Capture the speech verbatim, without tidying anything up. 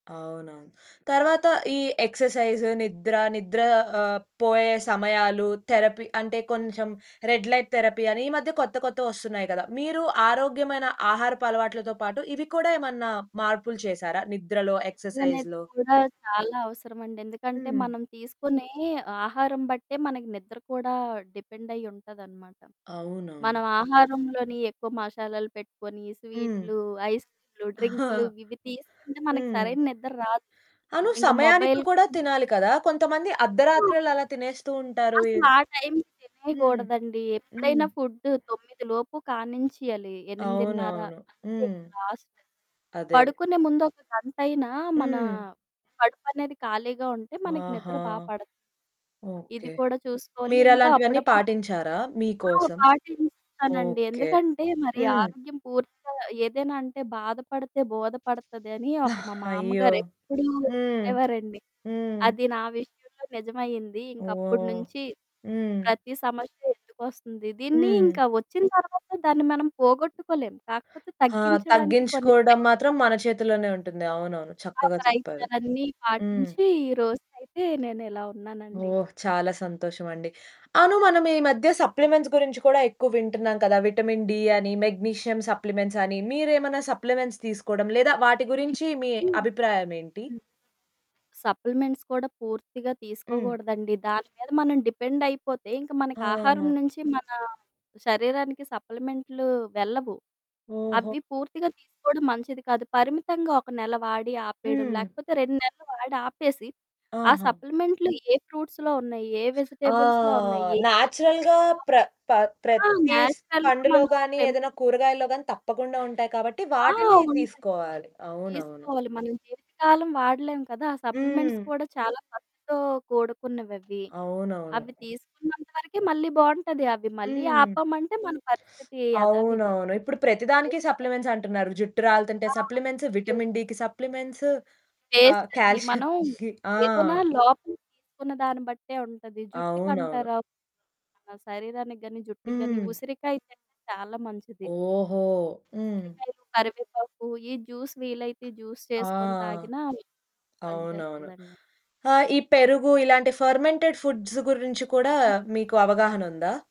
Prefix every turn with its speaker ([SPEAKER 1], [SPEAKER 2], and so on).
[SPEAKER 1] అవునవును. తర్వాత ఈ ఎక్సర్‌సైజ్, నిద్ర, నిద్ర ఆహ్, పోయే సమయాలు, థెరపీ అంటే కొంచెం రెడ్ లైట్ థెరపీ అని ఈ మధ్య కొత్త కొత్తవొస్తున్నాయి కదా! మీరు ఆరోగ్యమైన ఆహారపు అలవాట్లతో పాటు ఇవి కూడా ఏమన్నా మార్పులు చేశారా? నిద్రలో,
[SPEAKER 2] నిద్ర అనేది
[SPEAKER 1] ఎక్సర్‌సైజ్‌లో
[SPEAKER 2] కూడా చాలా అవసరమండి. ఎందుకంటే
[SPEAKER 1] హ్మ్.
[SPEAKER 2] మనం తీసుకునే ఆహారం బట్టే మనకి నిద్ర కూడా డిపెండయ్యి ఉంటాదనమాట.
[SPEAKER 1] అవునవును.
[SPEAKER 2] మనం ఆహారంలోని ఎక్కువ మసాలాలు పెట్టుకొని,
[SPEAKER 1] హ్మ్.
[SPEAKER 2] స్వీట్లు, ఐస్‌క్రీమ్లు, డ్రింక్లు ఇవ్వి తీసుకుంటే మనకు
[SPEAKER 1] హ్మ్.
[SPEAKER 2] సరైన నిద్ర రాదు.
[SPEAKER 1] అను
[SPEAKER 2] ఇంక
[SPEAKER 1] సమయానికి
[SPEAKER 2] మొబైల్
[SPEAKER 1] కూడా తినాలి కదా! కొంతమంది
[SPEAKER 2] ఆ!
[SPEAKER 1] అర్ధరాత్రిలు అలా తినేస్తూ ఉంటారు.
[SPEAKER 2] అసల
[SPEAKER 1] ఇవ్
[SPEAKER 2] ఆ టైంకి
[SPEAKER 1] హ్మ్,
[SPEAKER 2] తినేగూడదండి.
[SPEAKER 1] హ్మ్.
[SPEAKER 2] ఎప్పుడైనా ఫుడ్డు తొమ్మిది లోపు కానించేయాలి. ఎనిమిదిన్నర
[SPEAKER 1] అవునవును.
[SPEAKER 2] అంతే
[SPEAKER 1] హ్మ్.
[SPEAKER 2] ఇంక లాస్ట్.
[SPEAKER 1] అదే.
[SPEAKER 2] పడుకునే ముందు ఒక గంటయినా మనా
[SPEAKER 1] హ్మ్.
[SPEAKER 2] కడుపనేది ఖాళీగా ఉంటే మనకు
[SPEAKER 1] ఆహా!
[SPEAKER 2] నిద్ర బా పడతది. ఇది
[SPEAKER 1] ఓకే.
[SPEAKER 2] కూడా చూసుకోవాలి.
[SPEAKER 1] మీరు
[SPEAKER 2] ఇంకా
[SPEAKER 1] అలాంటివన్నీ
[SPEAKER 2] అప్పుడప్పుడు
[SPEAKER 1] పాటించారా మీ
[SPEAKER 2] ఆ!
[SPEAKER 1] కోసం?
[SPEAKER 2] పాటిస్తానండి.
[SPEAKER 1] ఓకే,
[SPEAKER 2] ఎందుకంటే మరి
[SPEAKER 1] హ్మ్.
[SPEAKER 2] ఆరోగ్యం పూర్తిగా ఏదైనా అంటే, "బాధపడితే బోధపడతది" అని ఒక మా
[SPEAKER 1] అయ్యో!
[SPEAKER 2] మామగారు ఎప్పుడూ
[SPEAKER 1] హ్మ్,
[SPEAKER 2] చెప్పేవారండి.
[SPEAKER 1] హ్మ్.
[SPEAKER 2] అది నా విషయంలో నిజమయింది. ఇంకప్పుడి
[SPEAKER 1] ఓహ్!
[SPEAKER 2] నుంచి
[SPEAKER 1] హ్మ్.
[SPEAKER 2] ప్రతీ సమస్య ఎందుకు వస్తుంది? దీన్ని
[SPEAKER 1] హ్మ్.
[SPEAKER 2] ఇంకా వచ్చిన తర్వాత దాన్ని మనం పోగొట్టుకోలేం. కాకపోతే
[SPEAKER 1] ఆ!
[SPEAKER 2] తగ్గించడానికి కొన్ని
[SPEAKER 1] తగ్గించుకోవడం
[SPEAKER 2] ప్రయత్నాలు
[SPEAKER 1] మాత్రం మన చేతుల్లోనే ఉంటుంది. అవునవును.
[SPEAKER 2] ఆ!
[SPEAKER 1] చక్కగా చెప్పారు.
[SPEAKER 2] ప్రయత్నాలన్నీ
[SPEAKER 1] హ్మ్.
[SPEAKER 2] పాటించి ఈరోజునయితే నేను ఇలా ఉన్నానండి.
[SPEAKER 1] ఓహ్! చాలా సంతోషం అండి. అవును, మనం ఈ మధ్య సప్లిమెంట్స్ గురించి కూడా ఎక్కువ వింటున్నాం కదా! విటమిన్ డి అని, మెగ్నీషియం సప్లిమెంట్స్ అని. మీరేమైనా సప్లిమెంట్స్ తీసుకోవడం లేదా వాటి గురించి మీ
[SPEAKER 2] ఇప్పుడూ హ్మ్.
[SPEAKER 1] అభిప్రాయం ఏంటి?
[SPEAKER 2] సప్లిమెంట్స్ కూడా పూర్తిగా
[SPEAKER 1] హ్మ్.
[SPEAKER 2] తీసుకోగూడదండి. దాని మీద మనం డిపెండయిపోతే ఇంక మనకు ఆహారం
[SPEAKER 1] ఆ!
[SPEAKER 2] నుంచి మనా శరీరానికి సప్లిమెంట్లు వెళ్ళవు.
[SPEAKER 1] ఓహో!
[SPEAKER 2] అవ్వి పూర్తిగా తీసుకోవడం మంచిది కాదు. పరిమితంగా ఒక నెల వాడి ఆపేయడం,
[SPEAKER 1] హ్మ్.
[SPEAKER 2] లేకపోతే రెండు నెలలు వాడి ఆపేసి, ఆ
[SPEAKER 1] ఆహా!
[SPEAKER 2] సప్లిమెంట్లు ఏ ఫ్రూట్స్‌లో ఉన్నాయి, ఏ
[SPEAKER 1] ఆ!
[SPEAKER 2] వెజిటేబుల్స్‌లో ఉన్నాయి,
[SPEAKER 1] నేచురల్‌గా ప్ర ప
[SPEAKER 2] [unintelligible] ఆ!
[SPEAKER 1] ప్రతి స్
[SPEAKER 2] నేచురల్‌గా
[SPEAKER 1] పండులో
[SPEAKER 2] మనం
[SPEAKER 1] గానీ,
[SPEAKER 2] పెంపొ
[SPEAKER 1] ఏదైనా కూరగాయల్లో గానీ తప్పకుండా ఉంటాయి కాబట్టి
[SPEAKER 2] ఆ!
[SPEAKER 1] వాటిని
[SPEAKER 2] ఉంటాయి.
[SPEAKER 1] తీసుకోవాలి. అవునవును.
[SPEAKER 2] తీసుకోవాలి. మనం జీవితకాలం వాడలేం కదా! ఆ సప్లిమెంట్స్
[SPEAKER 1] హ్మ్.
[SPEAKER 2] కూడా చాలా ఖర్చుతో కూడుకున్నవ్వవ్వి.
[SPEAKER 1] అవునవును.
[SPEAKER 2] అవ్వి తీసుకున్నంత వరకే మళ్ళీ బావుంటది. అవి మళ్ళీ
[SPEAKER 1] హ్మ్.
[SPEAKER 2] ఆపామంటే మన పరిస్థితి యథావిధి.
[SPEAKER 1] అవునవును. ఇప్పుడు ప్రతిదానికి
[SPEAKER 2] వేస్టే
[SPEAKER 1] సప్లిమెంట్స్ అంటున్నారు. జుట్టు రాలితుంటే
[SPEAKER 2] ఆ!
[SPEAKER 1] సప్లిమెంట్స్,
[SPEAKER 2] యే
[SPEAKER 1] విటమిన్ డికి సప్లిమెంట్స్, ఆహ్,
[SPEAKER 2] వేస్ట్ అండి. మనం
[SPEAKER 1] కాల్షియంకి ఆ!
[SPEAKER 2] ఏదైనా లోపల తీసుకున్న దాన్ని బట్టే ఉంటది.
[SPEAKER 1] అవునవును.
[SPEAKER 2] జుట్టుకంటారా, మన శరీరానికి గాని, జుట్టుకి గాని
[SPEAKER 1] హ్మ్.
[SPEAKER 2] ఉసిరికాయ తింటే చాలా మంచిది.
[SPEAKER 1] ఓహో! హ్మ్.
[SPEAKER 2] ఉసిరికాయలు, కరివేపాకు ఈ జ్యూస్ వీలైతే జ్యూస్
[SPEAKER 1] ఆ!
[SPEAKER 2] చేసుకొని తాగినా అవి
[SPEAKER 1] అవునవును.
[SPEAKER 2] పనిచేస్తదండి.
[SPEAKER 1] ఆహ్, ఈ పెరుగు, ఇలాంటి ఫెర్మెంటెడ్ ఫుడ్స్ గురించి కూడా
[SPEAKER 2] హ్మ్.
[SPEAKER 1] మీకు అవగాహనుందా?